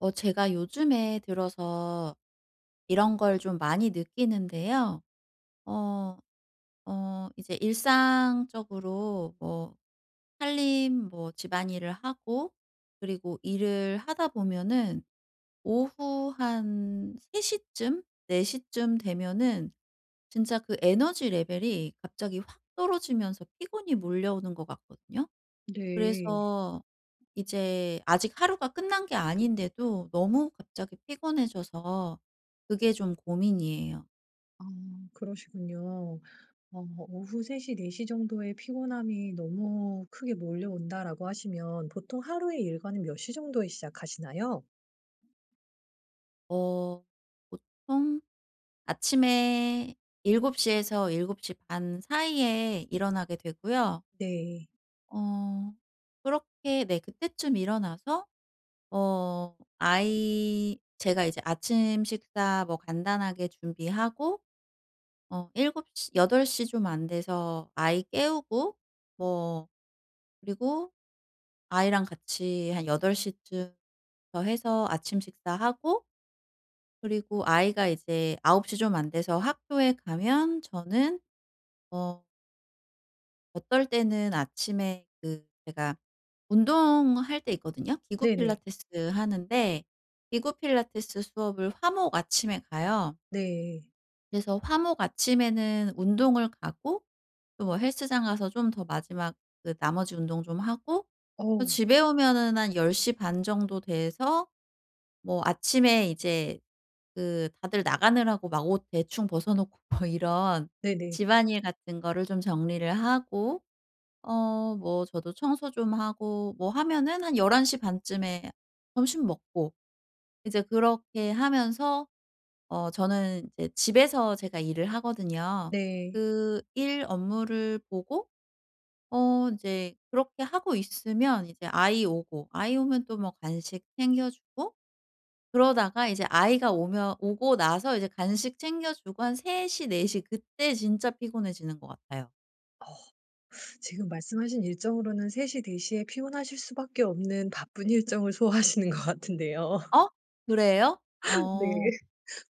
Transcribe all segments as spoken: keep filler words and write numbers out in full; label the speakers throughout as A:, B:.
A: 어 제가 요즘에 들어서 이런 걸 좀 많이 느끼는데요. 어, 어 이제 일상적으로 뭐 살림 뭐 집안일을 하고 그리고 일을 하다 보면은 오후 한 세 시쯤, 네 시쯤 되면은 진짜 그 에너지 레벨이 갑자기 확 떨어지면서 피곤이 몰려오는 것 같거든요.
B: 네.
A: 그래서 이제 아직 하루가 끝난 게 아닌데도 너무 갑자기 피곤해져서 그게 좀 고민이에요.
B: 음 그러시군요. 어 "오후 세 시, 네 시 정도에 피곤함이 너무 크게 몰려온다."라고 하시면 보통 하루의 일과는 몇 시 정도에 시작하시나요?
A: 어 보통 아침에 일곱 시에서 일곱 시 반 사이에 일어나게 되고요.
B: 네.
A: 어 그렇게 네 그때쯤 일어나서 어 아이 제가 이제 아침 식사 뭐 간단하게 준비하고 어 일곱 시 여덟 시 좀 안 돼서 아이 깨우고 뭐 그리고 아이랑 같이 한 여덟 시쯤부터 해서 아침 식사하고 그리고 아이가 이제 아홉 시 좀 안 돼서 학교에 가면 저는 어 어떨 때는 아침에 그 제가 운동할 때 있거든요. 기구
B: 네네.
A: 필라테스 하는데 기구 필라테스 수업을 화, 목 아침에 가요.
B: 네.
A: 그래서 화, 목 아침에는 운동을 가고 또 헬스장 가서 좀 더 마지막 그 나머지 운동 좀 하고 어
B: 어우.
A: 집에 오면은 한 열 시 반 정도 돼서 뭐 아침에 이제 그 다들 나가느라고 막 옷 대충 벗어 놓고 뭐 이런
B: 네네.
A: 집안일 같은 거를 좀 정리를 하고 어 뭐 저도 청소 좀 하고 뭐 하면은 한 열한 시 반쯤에 점심 먹고 이제 그렇게 하면서 어 저는 이제 집에서 제가 일을 하거든요.
B: 네.
A: 그 일 업무를 보고 어 이제 그렇게 하고 있으면 이제 아이 오고 아이 오면 또 뭐 간식 챙겨주고 그러다가 이제 아이가 오면 오고 나서 이제 간식 챙겨주고 한 세 시 네 시 그때 진짜 피곤해지는 것 같아요.
B: 어. 지금 말씀하신 일정으로는 세 시 네 시에 피곤하실 수 밖에 없는 바쁜 일정을 소화하시는 것 같은데요.
A: 어? 그래요?
B: 네.
A: 어.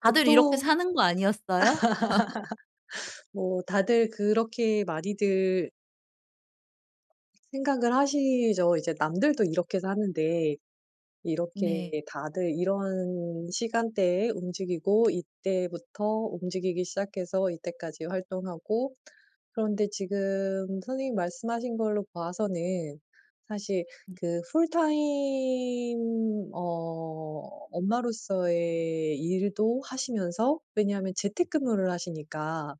A: 다들 이렇게
B: 보통
A: 사는 거 아니었어요?
B: 뭐 다들 그렇게 많이들 생각을 하시죠. 이제 남들도 이렇게 사는데
A: 네.
B: 이렇게 다들 이런 시간대에 움직이고 이때부터 움직이기 시작해서 이때까지 활동하고 그런데 지금 선생님이 말씀하신 걸로 봐서는 사실
A: 음.
B: 그 full time 어 엄마로서의 일도 하시면서 왜냐하면 재택근무를 하시니까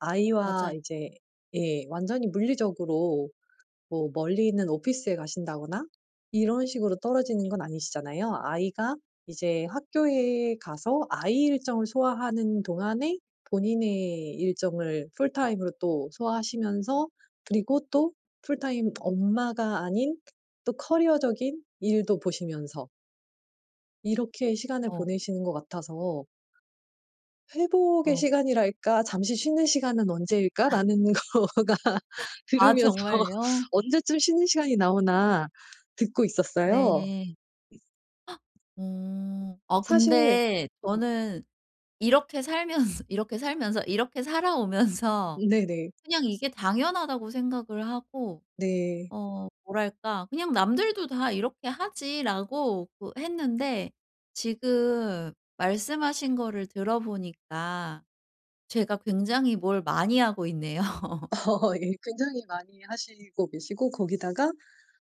B: 아이와
A: 맞아요.
B: 이제 예 완전히 물리적으로 뭐 멀리 있는 오피스에 가신다거나 이런 식으로 떨어지는 건 아니시잖아요. 아이가 이제 학교에 가서 아이 일정을 소화하는 동안에 본인의 일정을 full time으로 또 소화하시면서 그리고 또 풀타임 엄마가 아닌 또 커리어적인 일도 보시면서 이렇게 시간을
A: 어.
B: 보내시는 것 같아서 '회복의
A: 어.
B: 시간이랄까 잠시 쉬는 시간은
A: 아.
B: 언제일까?'라는 거가
A: 아
B: 들으면서
A: 정말요?
B: '언제쯤 쉬는 시간이 나오나.' 듣고
A: 네.
B: 있었어요.
A: 어. 아
B: 사실
A: 근데 저는 이렇게 살면서 이렇게 살면서 이렇게 살아오면서
B: 네네.
A: '그냥 이게 당연하다.'고 생각을 하고
B: 네.
A: 어 뭐랄까 '그냥 남들도 다 이렇게 하지.'라고 그 했는데 지금 말씀하신 거를 들어보니까 제가 굉장히 뭘 많이 하고 있네요.
B: 어 예. 굉장히 많이 하시고 계시고 거기다가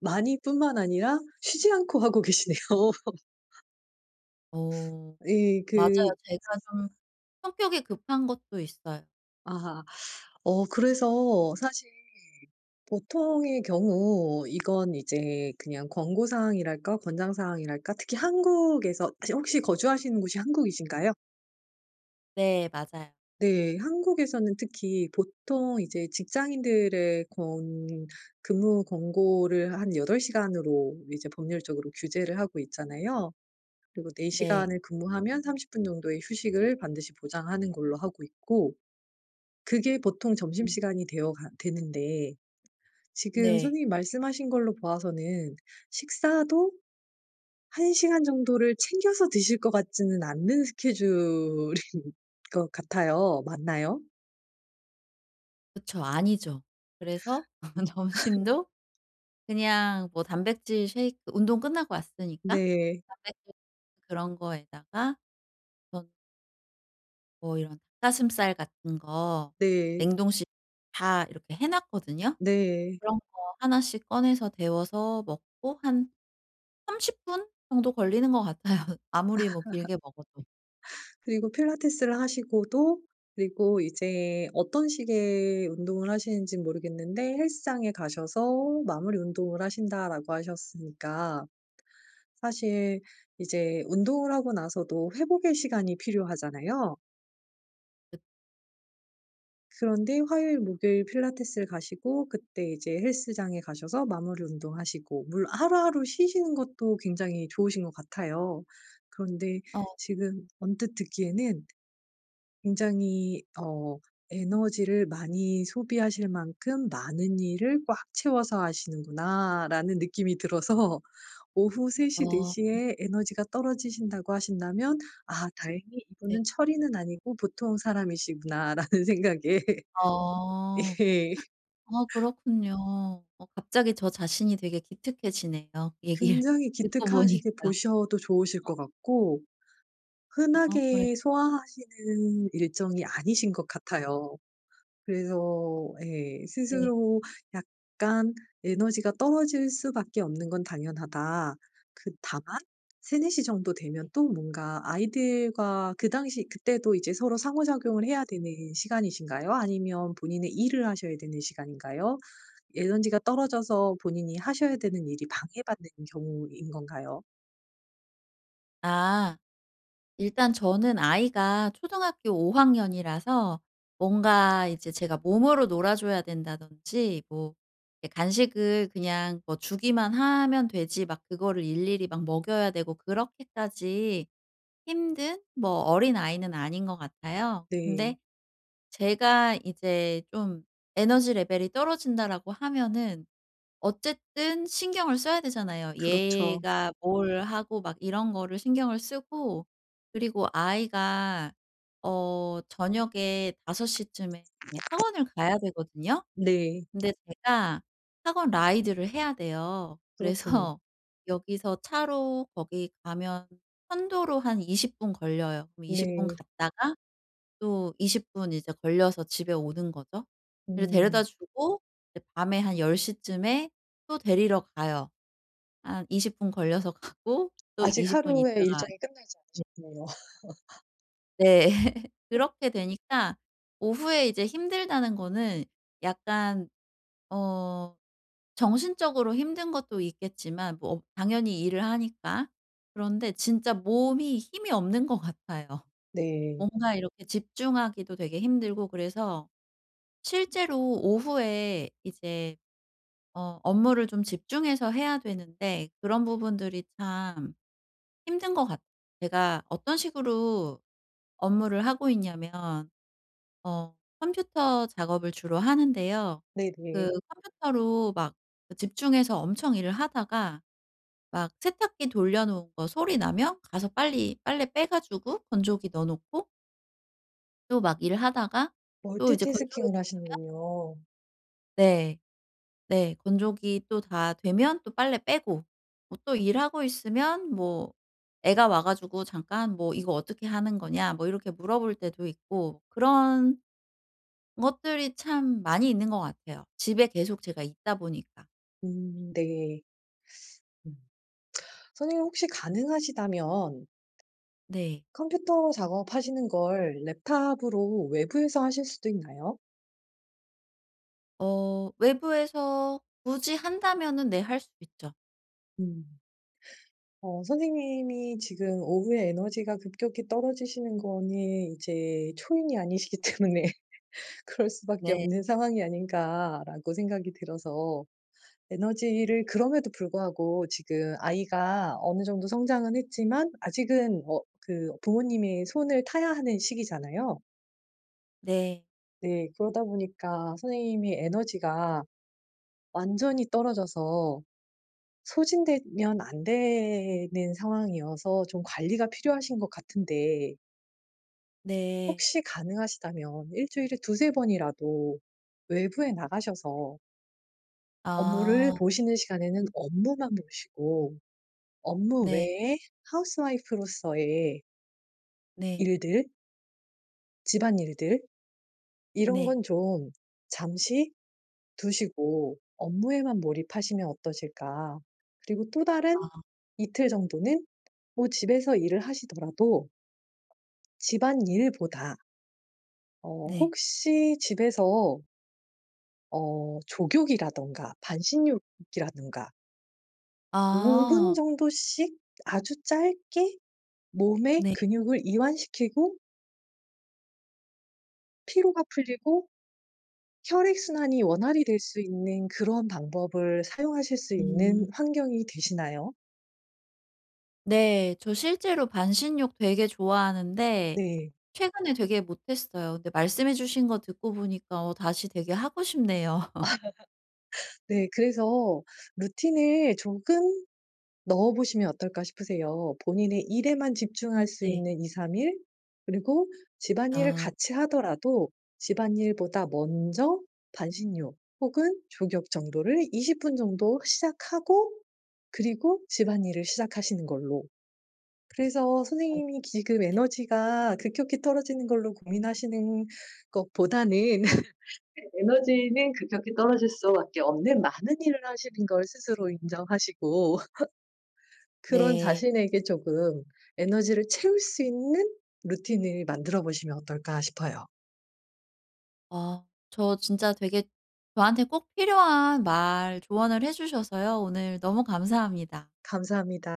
B: 많이 뿐만 아니라 쉬지 않고 하고 계시네요.
A: 어.
B: 이
A: 맞아요.
B: 그
A: 제가 좀 성격이 급한 것도 있어요.
B: 아하. 어 그래서 사실 보통의 경우 이건 이제 그냥 권고 사항이랄까? 권장 사항이랄까? 특히 한국에서 혹시 거주하시는 곳이 한국이신가요?
A: 네. 맞아요.
B: 네. 한국에서는 특히 보통 이제 직장인들의 권 근무 권고를 한 여덟 시간으로 이제 법률적으로 규제를 하고 있잖아요. 그리고 네
A: 네.
B: 시간을 근무하면 삼십 분 정도의 휴식을 반드시 보장하는 걸로 하고 있고 그게 보통
A: 음.
B: 점심시간이 되어 가 되는데 지금
A: 네.
B: 선생님이 말씀하신 걸로 보아서는 식사도 한 시간 정도를 챙겨서 드실 것 같지는 않는 스케줄인 것 같아요. 맞나요?
A: 그쵸. 아니죠. 그래서 점심도 그냥 뭐 단백질 셰이크 운동 끝나고 왔으니까
B: 네.
A: 단백질 그런 거에다가 전 뭐 이런 닭 가슴살 같은 거
B: 네.
A: 냉동실 다 이렇게 해 놨거든요.
B: 네.
A: 그런 거 하나 씩 꺼내서 데워서 먹고 한 삼십 분 정도 걸리는 것 같아요 아무리 뭐 길게 먹어도.
B: 그리고 필라테스를 하시고도 그리고 이제 어떤 식의 운동을 하시는지는 모르겠는데 "헬스장에 가셔서 마무리 운동을 하신다."라고 하셨으니까 사실 이제 운동을 하고 나서도 회복의 시간이 필요하잖아요.
A: 읍
B: 그런데 화요일, 목요일 필라테스를 가시고 그때 이제 헬스장에 가셔서 마무리 운동하시고 물 하루하루 쉬시는 것도 굉장히 좋으신 것 같아요. 그런데
A: 어.
B: 지금 언뜻 듣기에는 '굉장히 어 에너지를 많이 소비하실 만큼 많은 일을 꽉 채워서 하시는구나.'라는 느낌이 들어서 오후 세 시, 네
A: 어.
B: 시 에 에너지가 떨어지신다고 하신다면 '아 다행히
A: 네.
B: 이분은 철인은 아니고 보통 사람이시구나.' 라는 생각에
A: 어.
B: 예.
A: 아 그렇군요. 어 갑자기 저 자신이 기특해지네요 얘기를
B: 굉장히
A: 듣고 보니까.
B: 기특하시게
A: 아
B: 보셔도 좋으실 것
A: 어.
B: 같고
A: 아 그래
B: 흔하게 소화하시는 일정이 아니신 것 같아요. 그래서 예
A: 네.
B: 스스로 약간 에너지가 떨어질 수밖에 없는 건 당연하다. 그 다만 세네 시 정도 되면 또 뭔가 아이들과 그 당시 그때도 이제 서로 상호작용을 해야 되는 시간이신가요? 아니면 본인의 일을 하셔야 되는 시간인가요? 에너지가 떨어져서 본인이 하셔야 되는 일이 방해받는 경우인 건가요?
A: 아. 일단 저는 아이가 초등학교 오 학년이라서 뭔가 이제 제가 몸으로 놀아 줘야 된다든지 뭐 애 간식을 그냥 뭐 주기만 하면 되지 막 그거를 일일이 막 먹여야 되고 그렇게까지 힘든 뭐 어린아이는 아닌 것 같아요.
B: 네.
A: 근데 제가 이제 좀 '에너지 레벨이 떨어진다.'라고 하면은 어쨌든 신경을 써야 되잖아요.
B: 그렇죠.
A: 얘가 뭘 하고 막 이런 거를 신경을 쓰고 그리고 아이가 어 저녁에 다섯 시쯤에 학원을 가야 되거든요.
B: 네.
A: 근데 제가 학원 라이드를 해야 돼요.
B: 그렇군요.
A: 그래서 여기서 차로 거기 가면 편도로 한 이십 분 걸려요. 그럼 이십 분
B: 네.
A: 갔다가 또 이십 분 이제 걸려서 집에 오는 거죠. 그래서 데려다
B: 음.
A: 주고 이제 밤에 한 열 시쯤에 또 데리러 가요. 한 이십 분 걸려서 가고 또
B: 아직
A: 이십 분
B: 하루의
A: 있다가
B: 일정이 끝나지
A: 네.
B: 않으셨네요.
A: 네. 그렇게 되니까 오후에 이제 힘들다는 거는 약간 어 정신적으로 힘든 것도 있겠지만 뭐 당연히 일을 하니까. 그런데 진짜 몸이 힘이 없는 것 같아요.
B: 네.
A: 뭔가 이렇게 집중하기도 되게 힘들고 그래서 실제로 오후에 이제 어 업무를 좀 집중해서 해야 되는데 그런 부분들이 참 힘든 것 같 제가 어떤 식으로 업무를 하고 있냐면 어 컴퓨터 작업을 주로 하는데요. 그
B: 네네.
A: 컴퓨터로 막 집중해서 엄청 일을 하다가 막 세탁기 돌려 놓은 거 소리 나면 가서 빨리 빨래 빼 가지고 건조기 넣어 놓고 또 막 일을 하다가 또 이제 건조기
B: 멀티태스킹을
A: 다 되면
B: 하시는군요.
A: 네. 네. 건조기 또 다 되면 또 빨래 빼고 뭐 또 일하고 있으면 뭐 애가 와 가지고 잠깐 뭐 "이거 어떻게 하는 거냐?" 뭐 이렇게 물어볼 때도 있고 그런 것들이 참 많이 있는 것 같아요 집에 계속 제가 있다 보니까.
B: 음. 네. 음. 선생님 혹시 가능하시다면
A: 네.
B: 컴퓨터 작업하시는 걸 랩탑으로 외부에서 하실 수도 있나요?
A: 어. 외부에서 굳이 한다면은 네 할 수 있죠.
B: 음. 어 선생님이 지금 오후에 에너지가 급격히 떨어지시는 거는 이제 초인이 아니시기 때문에 '그럴 수밖에
A: 네.
B: 없는 상황이 아닌가.'라고 생각이 들어서
A: 네.
B: 에너지를 그럼에도 불구하고 지금 아이가 어느 정도 성장은 했지만 아직은 어 그 부모님의 손을 타야 하는 시기잖아요.
A: 네.
B: 네. 그러다 보니까 선생님이 에너지가 완전히 떨어져서 소진되면 안 되는 상황이어서 좀 관리가 필요하신 것 같은데
A: 네.
B: 혹시 가능하시다면 일 주일에 두세 번이라도 외부에 나가셔서 업무를
A: 아.
B: 보시는 시간에는 업무만 보시고 업무
A: 네.
B: 외에 하우스 와이프 로서의
A: 네.
B: 일들 집안일들. 이런
A: 네.
B: 건 좀 잠시 두시고 업무에만 몰입하시면 어떠실까? 그리고 또 다른
A: 아.
B: 이틀 정도는 뭐 집에서 일을 하시더라도 집안일보다 어
A: 네.
B: 혹시 집에서 어 족욕이라든가 반신욕이라든가 오 분
A: 아.
B: 정도씩 아주 짧게 몸에
A: 네.
B: 근육을 이완시키고 피로가 풀리고 혈액 순환이 원활히 될 수 있는 그런 방법을 사용하실 수 있는
A: 음.
B: 환경이 되시나요?
A: 네. 저 실제로 반신욕 되게 좋아하는데
B: 네.
A: 최근에 되게 못했어요. 근데 말씀해 주신 거 듣고 보니까 어 다시 되게 하고 싶네요.
B: 아. 네. 그래서 루틴을 조금 넣어 보시면 어떨까 싶으세요. 본인의 일에만 집중할 수
A: 네.
B: 있는 이삼 일 그리고 집안일을
A: 아.
B: 같이 하더라도 집안일보다 먼저 반신욕 혹은 족욕 정도를 이십 분 정도 시작하고 그리고 집안일을 시작하시는 걸로. 그래서
A: 어.
B: 선생님이 지금
A: 네.
B: 에너지가 급격히 떨어지는 걸로 고민하시는 것보다는 에 에너지는 급격히 떨어질 수밖에 없는 많은 일을 하시는 걸 스스로 인정하시고 그런
A: 네.
B: 자신에게 조금 에너지를 채울 수 있는 루틴을 만들어 보시면 어떨까 싶어요.
A: 어. 저 진짜 되게 저한테 꼭 필요한 말 조언을 해 주셔서요. 오늘 너무 감사합니다.
B: 감사합니다.